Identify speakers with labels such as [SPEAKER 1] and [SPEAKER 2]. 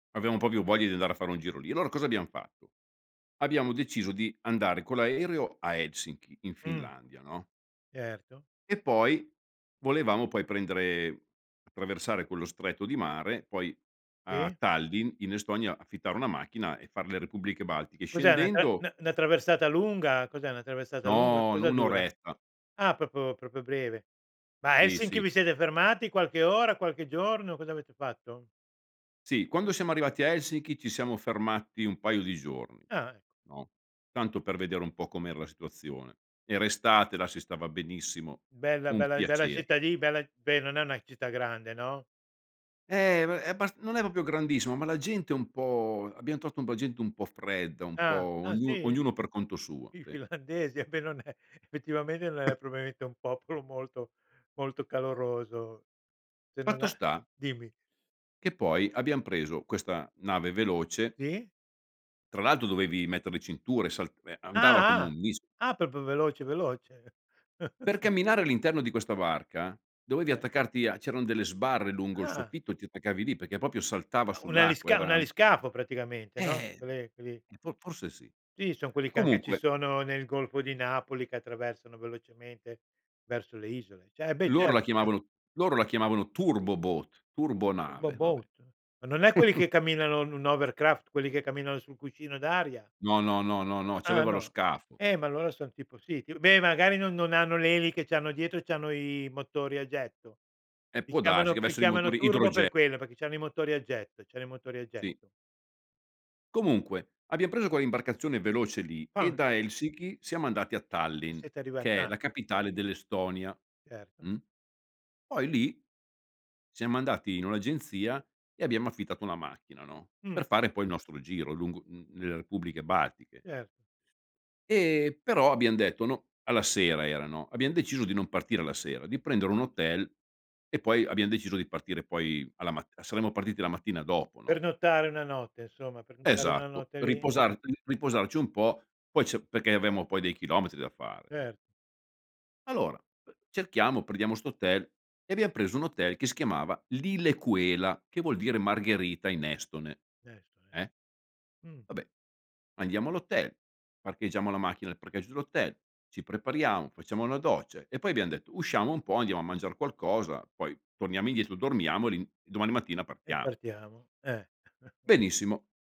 [SPEAKER 1] Avevamo proprio voglia di andare a fare un giro lì. Allora cosa abbiam fatto? Abbiamo deciso di andare con l'aereo a Helsinki in
[SPEAKER 2] Mh.
[SPEAKER 1] Finlandia, no.
[SPEAKER 2] Certo.
[SPEAKER 1] E poi volevamo poi prendere attraversare quello stretto di mare poi a
[SPEAKER 2] Sì.
[SPEAKER 1] Tallinn in Estonia affittare una macchina e far le Repubbliche Baltiche.
[SPEAKER 2] Cos'è una tra n
[SPEAKER 1] Scendendo
[SPEAKER 2] 'na 'na traversata lunga? Cos'è una traversata lunga?
[SPEAKER 1] No, nu
[SPEAKER 2] Cosa
[SPEAKER 1] 1
[SPEAKER 2] dura?
[SPEAKER 1] oretta.
[SPEAKER 2] Ah, proprio- proprio breve. Ma a
[SPEAKER 1] Sì,
[SPEAKER 2] Helsinki
[SPEAKER 1] sì.
[SPEAKER 2] vi siete fermati qualche ora, qualche giorno, cosa avete fatto?
[SPEAKER 1] Sì, quando siamo arrivati a Helsinki ci siamo fermati un paio di giorni,
[SPEAKER 2] Ah, ecco.
[SPEAKER 1] no. Tanto per vedere un po' com'era la situazione. Era estate, là si stava benissimo,
[SPEAKER 2] Bella
[SPEAKER 1] un
[SPEAKER 2] bella bella
[SPEAKER 1] piacere.
[SPEAKER 2] cittàdi bella, beh non è una città grande, no?
[SPEAKER 1] Eh ma è è abbas non è proprio grandissimo, ma la gente è un po' abbiam trovato un po' gente un po' fredda, un po'
[SPEAKER 2] Ah. Ah
[SPEAKER 1] ognu
[SPEAKER 2] sì?
[SPEAKER 1] ognuno per conto suo,
[SPEAKER 2] I
[SPEAKER 1] sì.
[SPEAKER 2] finlandesi a me non è effettivamente non è probabilmente un popolo molto molto caloroso. Se non
[SPEAKER 1] Fatto
[SPEAKER 2] a
[SPEAKER 1] sta
[SPEAKER 2] dimmi.
[SPEAKER 1] che poi abbiam preso questa nave veloce
[SPEAKER 2] Sì.
[SPEAKER 1] tra l'altro dovevi mettere le cinture, sal ehm, andava come
[SPEAKER 2] Ah, ah.
[SPEAKER 1] un mis
[SPEAKER 2] Ah, proprio veloce, veloce.
[SPEAKER 1] Per camminare all'interno di questa barca dovevi
[SPEAKER 2] Eh.
[SPEAKER 1] attaccarti a c'eran delle sbarre lungo il
[SPEAKER 2] Ah.
[SPEAKER 1] soffitto e ti attaccavi lì perché proprio saltava
[SPEAKER 2] Un
[SPEAKER 1] sull'acqua,
[SPEAKER 2] alisca
[SPEAKER 1] era
[SPEAKER 2] un aliscafo praticamente, no,
[SPEAKER 1] Eh
[SPEAKER 2] quelle quelli
[SPEAKER 1] fo forse sì.
[SPEAKER 2] Sì, son quelli che anche ci
[SPEAKER 1] Comunque
[SPEAKER 2] sono nel Golfo di Napoli che attraversano velocemente verso le isole. Ce beh,
[SPEAKER 1] Loro la
[SPEAKER 2] certo, chiaro.
[SPEAKER 1] chiamavano loro la chiamavano "Turboboat",
[SPEAKER 2] Il
[SPEAKER 1] turbonave, vabbè.
[SPEAKER 2] boboat? Ma non è quelli che camminano un un hovercraft, quelli che camminano sul cuscino d'aria?
[SPEAKER 1] No, no, no, no, no,
[SPEAKER 2] Ah
[SPEAKER 1] c'aveva lo
[SPEAKER 2] no?
[SPEAKER 1] scafo.
[SPEAKER 2] Eh, ma allora son tipo sì ti beh, magari non non hanno le eliche, c'hanno dietro c'hanno i motori a getto.
[SPEAKER 1] Eh
[SPEAKER 2] Li
[SPEAKER 1] può darsi
[SPEAKER 2] chiamano
[SPEAKER 1] che
[SPEAKER 2] li
[SPEAKER 1] avessero i
[SPEAKER 2] chiamano
[SPEAKER 1] motori idre
[SPEAKER 2] turbo per quello, perché c'hanno i motori a getto, c'hanno i motori a
[SPEAKER 1] Sì.
[SPEAKER 2] getto.
[SPEAKER 1] Comunque abbiam preso quell'imbarcazione veloce lì e
[SPEAKER 2] [unintelligible]
[SPEAKER 1] da Helsiki siamo andati a
[SPEAKER 2] E
[SPEAKER 1] Tallinn
[SPEAKER 2] sete arrivati
[SPEAKER 1] che è
[SPEAKER 2] ah.
[SPEAKER 1] la capitale dell'Estonia.
[SPEAKER 2] Certo.
[SPEAKER 1] Mh. Poi lì siamo andati in un'agenzia e abbiamo affittato una macchina, no,
[SPEAKER 2] Mh.
[SPEAKER 1] per fare poi il nostro giro lungo m nelle Repubbliche Baltiche.
[SPEAKER 2] Certo.
[SPEAKER 1] E però abbiam detto no, alla sera erano, abbiam deciso di non partire la sera, di prendere un hotel e poi abbiam deciso di partire poi alla mat saremmo partiti la mattina dopo, no.
[SPEAKER 2] Pernottare 1 notte insomma, pernottare 1
[SPEAKER 1] Esatto,
[SPEAKER 2] notte
[SPEAKER 1] per
[SPEAKER 2] lì.
[SPEAKER 1] riposar l riposarci un po' poi c'è perché avremmo poi dei chilometri da fare, no.
[SPEAKER 2] Cer
[SPEAKER 1] Allora, uhm, cerchiamo, prendiamo 'sto hotel e abbiam preso un hotel che si chiamava "Lilleküla" che vuol dire margherita in estone,
[SPEAKER 2] Certo eh.
[SPEAKER 1] eh.
[SPEAKER 2] Mh.
[SPEAKER 1] Vabbè andiamo all'hotel, parcheggiamo la macchina nel parcheggio dell'hotel, ci prepariamo, facciamo una doccia e poi abbiam detto usciamo un po' andiamo a mangiar qualcosa poi torniamo indietro dormiamo e l'in domani mattina
[SPEAKER 2] E
[SPEAKER 1] partiamo.
[SPEAKER 2] partiamo, eh.
[SPEAKER 1] Benissimo.